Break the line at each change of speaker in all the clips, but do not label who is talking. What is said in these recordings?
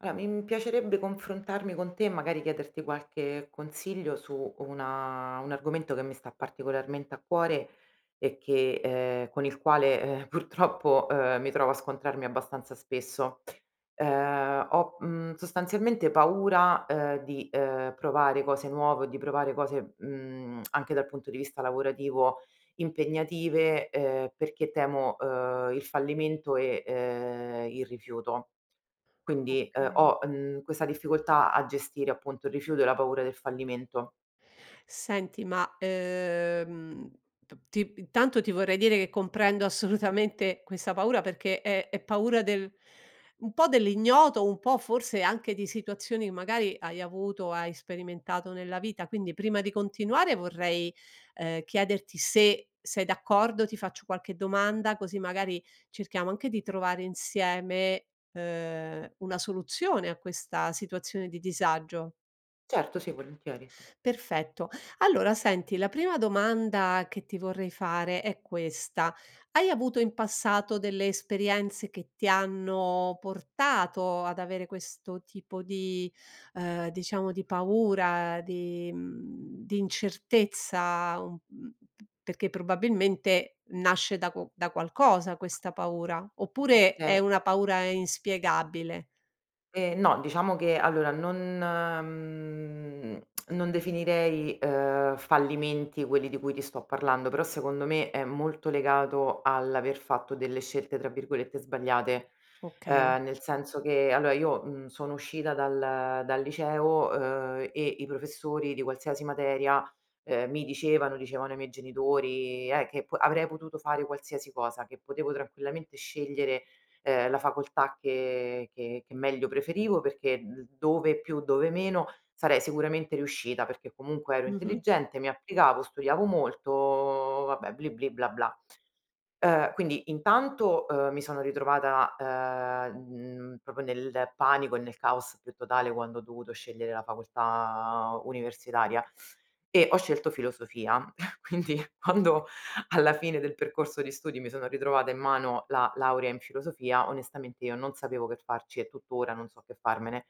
A mi piacerebbe confrontarmi con te e magari chiederti qualche consiglio su una un argomento che mi sta particolarmente a cuore e che, ehm, con il quale, eh, purtroppo ehm, mi trovo a scontrarmi abbastanza spesso, ehm, ho, uhm, sostanzialmente paura, ehm, di, ehm, provare cose nuove o di provare cose, uhm, anche dal punto di vista lavorativo impegnative, ehm, perché temo, uhm, il fallimento e, ehm, il rifiuto. Quindi, uhm,
Okay.
ho, mhmm, questa difficoltà a gestire appunto il rifiuto e la paura del fallimento.
Senti ma, ehm, p ti intanto ti vorrei dire che comprendo assolutamente questa paura perché è è paura del un po' dell'ignoto, un po' forse anche di situazioni, magari hai avuto, hai sperimentato nella vita quindi prima di continuare vorrei, ehm, chiederti se sei d'accordo, ti faccio qualche domanda, così magari cerchiamo anche di trovare insieme, ehm, una soluzione a questa situazione di disagio.
Certo, sì volentieri, sì.
Perfetto, allora senti la prima domanda che ti vorrei fare è questa: hai avuto in passato delle esperienze che ti hanno portato ad avere questo tipo di, ehm, diciamo di paura di, mhmm, di incertezza, mhmm, perché probabilmente nasce da qu da qualcosa questa paura, oppure é
Okay.
una paura inspiegabile?
Eh, no diciamo che allora, non, mhmm, non definirei, ehm, fallimenti quelli di cui ti sto parlando però secondo me è molto legato all'aver fatto delle scelte, tra virgolette, "sbagliate",
Okay.
ehm, nel senso che allora, uhm, io sono uscita dal dal liceo, uhm, e i professori di qualsiasi materia, ehm, mi dicevano, dicevano ai miei genitori, eh che avrei potuto fare qualsiasi cosa, che potevo tranquillamente scegliere, ehm, la facoltà che che che meglio preferivo perché d dove più, dove meno sarei sicuramente riuscita perché comunque ero
Mh-mh.
intelligente, mi applicavo, studiavo molto, vabbè, bli, bli, bla, bla. Ehm, quindi intanto, ehm, mi sono ritrovata, ehm, mhmm, proprio nel panico e nel caos più totale quando ho dovuto scegliere la facoltà universitaria e ho scelto filosofia, quindi quando alla fine del percorso di studi mi sono ritrovata in mano la laurea in filosofia onestamente io non sapevo che farci e tuttora non so che farmene,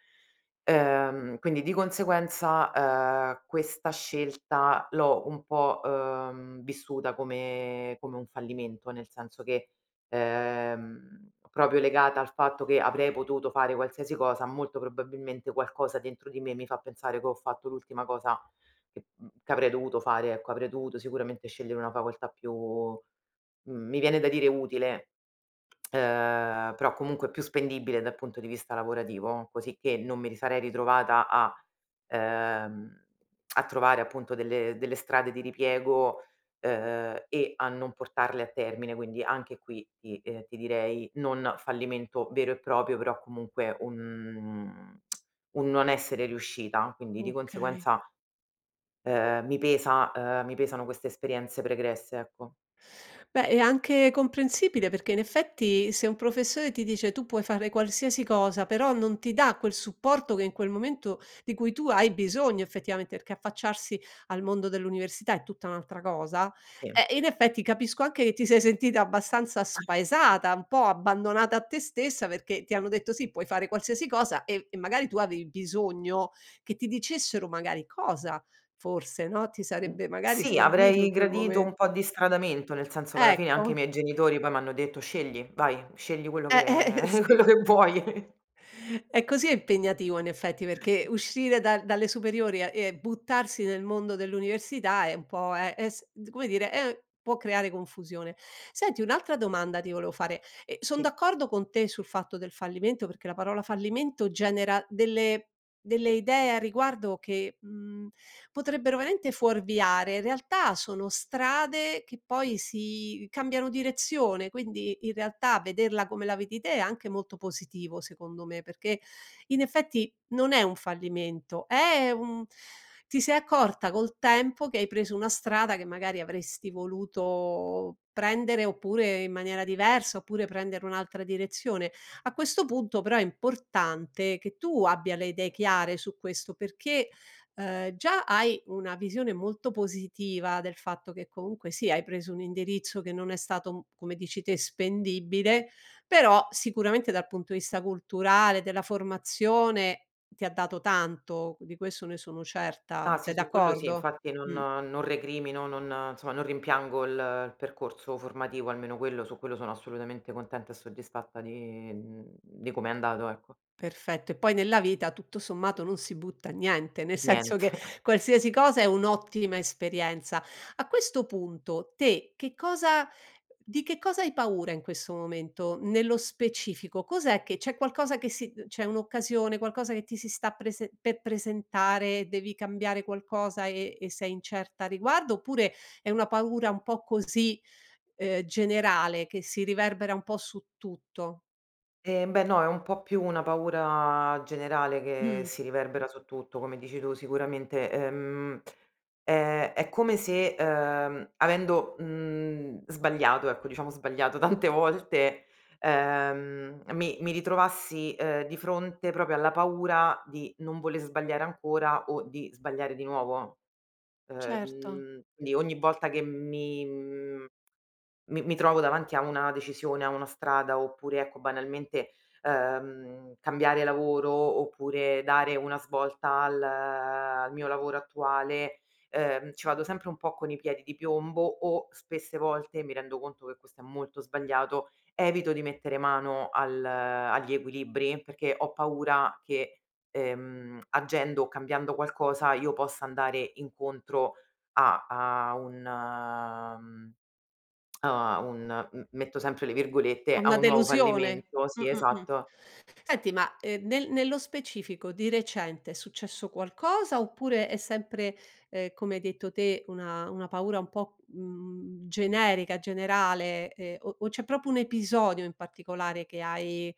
ehm, quindi di conseguenza, ehm, questa scelta l'ho un po', ehm, vissuta come come un fallimento, nel senso che, ehm, proprio legata al fatto che avrei potuto fare qualsiasi cosa, molto probabilmente qualcosa dentro di me mi fa pensare che ho fatto l'ultima cosa che, mhmm, che avrei dovuto fare, ecco. Avrei dovuto sicuramente scegliere una facoltà più, mhmm, mi viene da dire utile, ehm, però comunque più spendibile dal punto di vista lavorativo così che non mi risarei ritrovata a, ehm, a trovare appunto delle delle strade di ripiego, ehm, e a non portarle a termine. Quindi anche qui ti, uhm, ti direi non fallimento vero e proprio però comunque un un non essere riuscita. Quindi di
Okay.
conseguenza, ehm, mi pesa, ehm, mi pesano queste esperienze pregresse, ecco.
Beh, è anche comprensibile, perché in effetti se un professore ti dice: "Tu puoi fare qualsiasi cosa", però non ti dà quel supporto che in quel momento di cui tu hai bisogno effettivamente, perché affacciarsi al mondo dell'università è tutta un'altra cosa.
Sì.
Eh, in effetti capisco anche che ti sei sentita abbastanza
[unintelligible]
spaesata, un po' abbandonata a te stessa, perché ti hanno detto: "Sì, puoi fare qualsiasi cosa", e e magari tu avevi bisogno che ti dicessero magari cosa, forse, no, ti sarebbe magari,
Sì
servito
avrei
in quel
gradito un po'
momento.
di instradamento, nel senso che alla fine anche i
Ecco.
miei genitori poi m'hanno detto: "Scegli, vai, scegli quello
Eh, eh
che
sì.
quello che vuoi.
E così è impegnativo in effetti, perché
Esa
uscire dal dalle superiori a e buttarsi nel mondo dell'università è un po' è es come dire è può creare confusione. Senti, un'altra domanda ti volevo fare. E sono
Sì.
d'accordo con te sul fatto del fallimento, perché la parola fallimento genera delle delle idee a riguardo che, mhmm, potrebbero veramente fuorviare. In realtà sono strade che poi si cambiano direzione, quindi in realtà vederla come la vedi te è anche molto positivo, secondo me, perché, in effetti, non è un fallimento, è un ti sei accorta col tempo che hai preso una strada che magari avresti voluto prendere oppure in maniera diversa, oppure prendere un'altra direzione. A questo punto però è importante che tu abbia le idee chiare su questo, perché, uhm, già hai una visione molto positiva del fatto che comunque sì, hai preso un indirizzo che non è stato, come dici te, spendibile, però sicuramente dal punto di vista culturale, della formazione, ti ha dato tanto, di questo ne sono certa.
Ah sì,
Sei
su quello sì,
d'accordo?
infatti non
Mh.
non recrimino, non insomma non rimpiango il il percorso formativo, almeno quello su quello sono assolutamente contenta e soddisfatta di, mhmm, di come è andato, ecco.
Perfetto e poi nella vita tutto sommato non si butta niente, nel senso che
Niente.
qualsiasi cosa è un'ottima esperienza. A questo punto te che cosa di che cosa hai paura in questo momento, nello specifico cos'è che c'è qualcosa che si uhm, c'è un'occasione, qualcosa che ti si sta prese per presentare, devi cambiare qualcosa e e sei incerta a riguardo oppure è una paura un po' così, ehm, generale che si riverbera un po' su tutto?
Ehm, beh, no è un po' più una paura generale che
Mh.
si riverbera su tutto, come dici tu, sicuramente, ehm, ehm, è come se, uhm, avendo, mhmm, sbagliato, ecco, diciamo sbagliato, tante volte, ehm, mi mi ritrovassi, uhm, di fronte proprio alla paura di non vole sbagliare ancora o di sbagliare di nuovo, uhm,
Certo.
mhmm, quindi ogni volta che mi mhmm, mi mi trovo davanti a una decisione a una strada oppure, ecco, banalmente, ehm, cambiare lavoro oppure dare una svolta al al mio lavoro attuale, uhm, ci vado sempre un po' con i piedi di piombo o spesse volte, mi rendo conto che questo è molto sbagliato, evito di mettere mano al agli equilibri perché ho paura che, ehm, agendo o cambiando qualcosa io possa andare incontro a a un mhmm, a un m metto sempre le virgolette,
A
a
una
un nuovo
delusione?
"fallimento"
Mh,
Sì
mh, mh,
esatto.
senti ma, ehm, nel nello specifico di recente è successo qualcosa oppure è sempre, ehm, come hai detto te una una paura un po', mhmm, generica, generale, ehm, o o c'è proprio un episodio in particolare che hai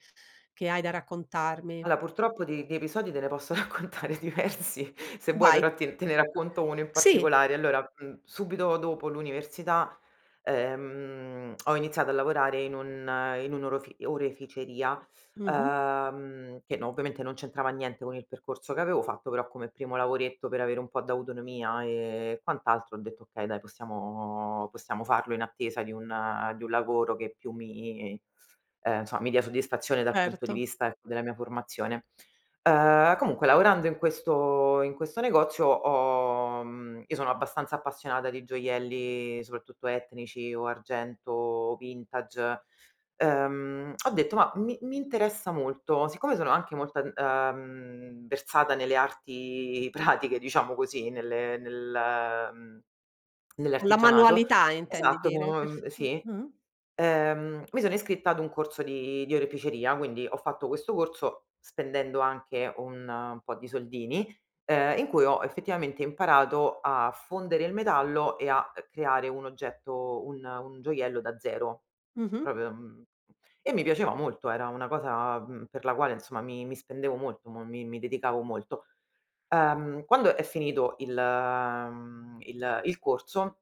che hai da raccontarmi?
Allora purtroppo di di episodi te ne posso raccontare diversi se vuoi
Vai.
però ti te ne racconto uno in
Sì.
particolare. Allora, mhmm, subito dopo l'università, ehm, ho iniziato a lavorare in un in un orofi oreficeria,
Mh-mh.
uhm, che no ovviamente non c'entrava niente con il percorso che avevo fatto, però come primo lavoretto per avere un po' d'autonomia, e e quant'altro ho detto: "Okay, dai possiamo possiamo farlo in attesa di un di un lavoro che più mi ehm, insomma mi dia soddisfazione dal punto di
Certo.
vista, ecco, della mia formazione." Uhm, comunque lavorando in questo in questo negozio ho mhmm, io sono abbastanza appassionata di gioielli soprattutto etnici o argento o vintage, uhm, ho detto: "Ma mi mi interessa molto." Siccome sono anche molto ad uhm, versata nelle arti pratiche diciamo così nelle nel mhmm,
Con la
nell'artigianato
manualità intendi
esatto
dire
co
perf
Ehm,
Ah,
sì.
ah-ah.
Ehm mi sono iscritta ad un corso di di oreficeria, quindi ho fatto questo corso spendendo anche un po' di soldini, ehm, in cui ho effettivamente imparato a fondere il metallo e a, uhm, creare un oggetto un un gioiello da zero
Mh-mh.
proprio mhmm, e mi piaceva molto era una cosa, mhmm, per la quale insomma mi mi spendevo molto, mo mi mi dedicavo molto. Uhm, quando è finito il mhmm, il il corso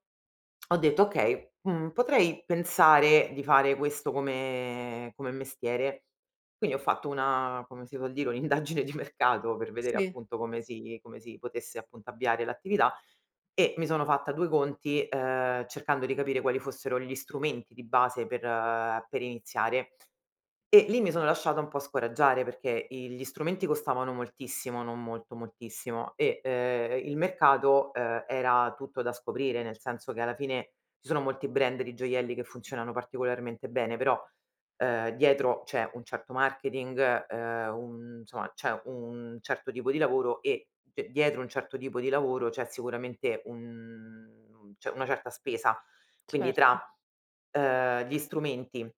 ho detto: "Okay, mhmm, potrei pensare di fare questo come come mestiere." Quindi ho fatto una come si vuol dire, un'indagine di mercato per vedere
Sì.
appunto come si come si potesse, appunto, avviare l'attività e mi sono fatta due conti, uhm, cercando di capire quali fossero gli strumenti di base per ehm, per iniziare e lì mi sono lasciata un po' scoraggiare perché i gli strumenti costavano moltissimo, non molto, moltissimo, e uhm, e il mercato, uhm, era tutto da scoprire, nel senso che alla fine ci sono molti brand di gioielli che funzionano particolarmente bene, però, uhm, dietro c'è un certo marketing, uhm, un insomma c'è un certo tipo di lavoro e cioè, dietro un certo tipo di lavoro c'è sicuramente un mhmm, c'è una certa spesa. Quindi tra uhm,
Certo.
tra gli strumenti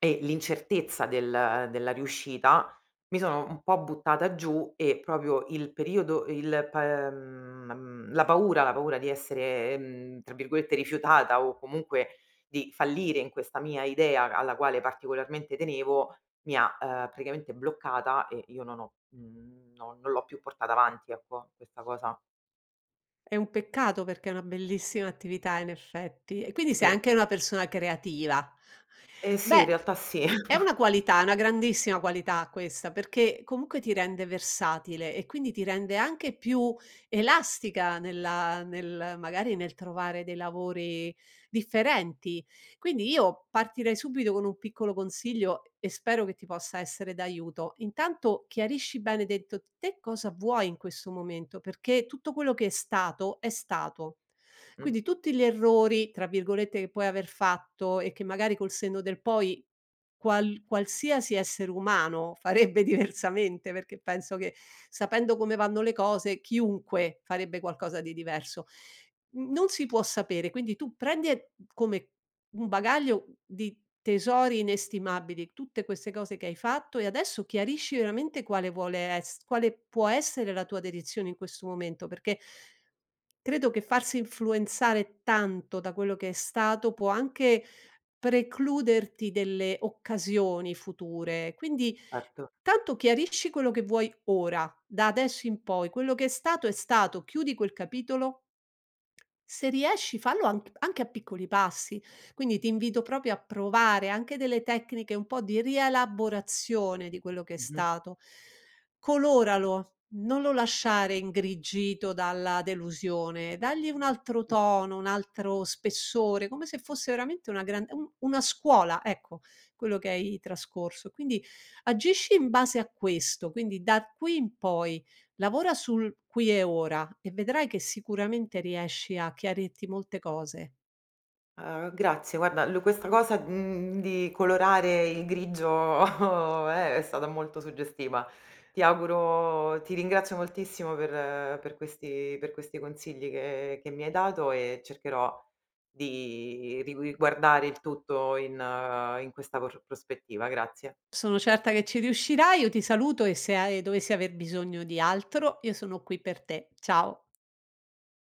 e l'incertezza del della riuscita, mi sono un po' buttata giù e proprio il periodo e il pa ehm, ma mhmm, la paura la paura di essere, ehm, tra virgolette "rifiutata" o comunque di fallire in questa mia idea alla quale particolarmente tenevo mi ha, uhm, praticamente bloccata e io non ho mhmm, no non l'ho più portata avanti, ecco, questa cosa.
È un peccato perché è una bellissima attività in effetti. E quindi sei
Sì.
anche una persona creativa,
Eh, sì,
beh,
in realtà sì.
è una qualità, è una grandissima qualità questa perchè comunque ti rende versatile e quindi ti rende anche più elastica nella nel magari nel trovare dei lavori differenti, quindi io partirei subito con un piccolo consiglio e e spero che ti possa essere d'aiuto, intanto chiarisci bene dentro te cosa vuoi in questo momento, perché tutto quello che è stato, è stato,
Mh.
quindi tutti gli "errori" tra virgolette, che puoi aver fatto e che magari col senno del poi qual qualsiasi essere umano farebbe diversamente, perché penso che sapendo come vanno le cose chiunque farebbe qualcosa di diverso, mhmm, non si può sapere quindi tu prendi e come un bagaglio di tesori inestimabili tutte queste cose che hai fatto, e adesso chiarisci veramente quale vuole ess quale può essere la tua dedizione in questo momento, perché credo che farsi influenzare tanto da quello che è stato può anche precluderti delle occasioni future, quindi
Erto.
tanto chiarirci quello che vuoi ora, da adesso in poi, quello che è stato è stato, chiudi quel capitolo se riesci fallo anc anche a piccoli passi, quindi ti invito proprio a provare anche delle tecniche un po' di rielaborazione di quello che è
Mh-mh.
stato. Coloralo, non lo lasciare ingrigito dalla delusione, dagli un altro
[unintelligible]
tono, un altro spessore, come se fosse veramente una gran un una scuola, ecco, quello che hai trascorso. Quindi agisci in base a questo, quindi da r qui in poi lavora sul qui e ora e vedrai che sicuramente riesci a chiarirti molte cose.
Ah, grazie, guarda, lu questa cosa, mhmm, di colorare il grigio è è stata molto suggestiva. Ti auguro ti ringrazio moltissimo per per questi per questi consigli che che mi hai dato e cercherò di di rigui guardare il tutto in in questa por prospettiva. Grazie.
Sono certa che ci riuscirai, io ti saluto e se ha ehm, dovessi aver bisogno di altro io sono qui per te, ciao.